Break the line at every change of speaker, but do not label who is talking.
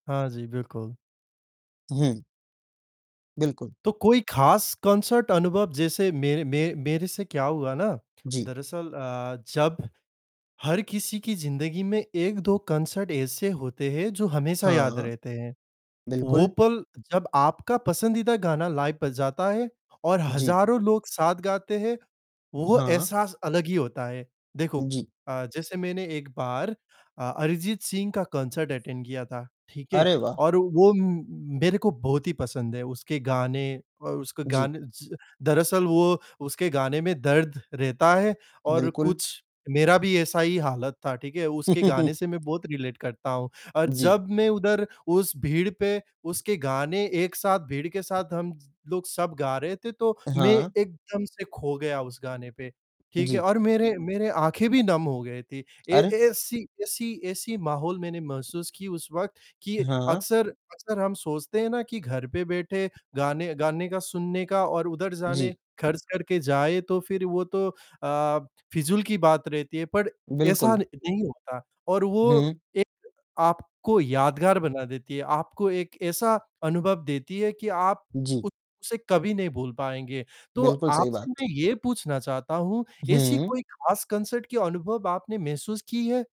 हाँ जी, बिल्कुल।
उहुँ। बिल्कुल।
तो कोई खास कॉन्सर्ट अनुभव जैसे मेरे मे मेरे से क्या हुआ ना,
जी।
दरअसल अ, जब हर किसी की ज़िंदगी में 1-2 कॉन्सर्ट ऐसे होते हैं जो हमेशा याद
हाँ।
रहते हैं। वो
बिल्कुल।
पल जब आपका पसंदीदा गाना लाइव बज जाता है और
जी।
हजारों लोग साथ गाते हैं, वो
हाँ।
एहसास अलग ही होता है। देखो
जी।
अ, जैसे मैंने एक बार अ अरिजीत सिंह का कॉन्सर्ट अटेन्ड किया था। ठीक है,
अरे वाह!
और वो म मेरे को बहुत ही पसंद है उसके गाने व उसके
जी।
गाने च दरअसल वो उसके गाने में दर्द रहता है और
बिल्कुल।
कुछ मेरा भी ऐसा ही हालत था, ठीक है। उसके गाने से मैं बहुत रिलेट करता हूँ, और
जी।
जब मैं उधर, उस भीड़ पे उसके गाने एक साथ भीड़ के साथ हम लोग सब गा रहे थे, तो मैं
हाँ।
एकदम से खो गया उस गाने पे। ठीक है
जी।
और मेरे मेरे आँखें भी नम हो गई थी। ए
अरे!
ऐसी ऐसी ऐसी माहौल मैंने महसूस की उस वक़्त कि
हाँ।
अक्सर अक्सर हम सोचते हैं ना कि घर पे बैठे गाने, गाने का सुनने का और उधर जाने
जी।
खर्च करके जाए तो फिर वो तो अ, फिजूल की बात रहती है पर ऐसा
बिल्कुल।
नहीं होता और वो
हुँ।
एक आपको यादगार बना देती है, आपको एक ऐसा अनुभव देती है कि आप
जी।
उसे कभी नहीं भूल पाएँगे। तो
बिल्कुल सही
आपसे
बात।
मैं ये पूछना चाहता हूँ ऐसी
हुँ।
कोई खास कॉन्सर्ट के अनुभव आपने महसूस की है?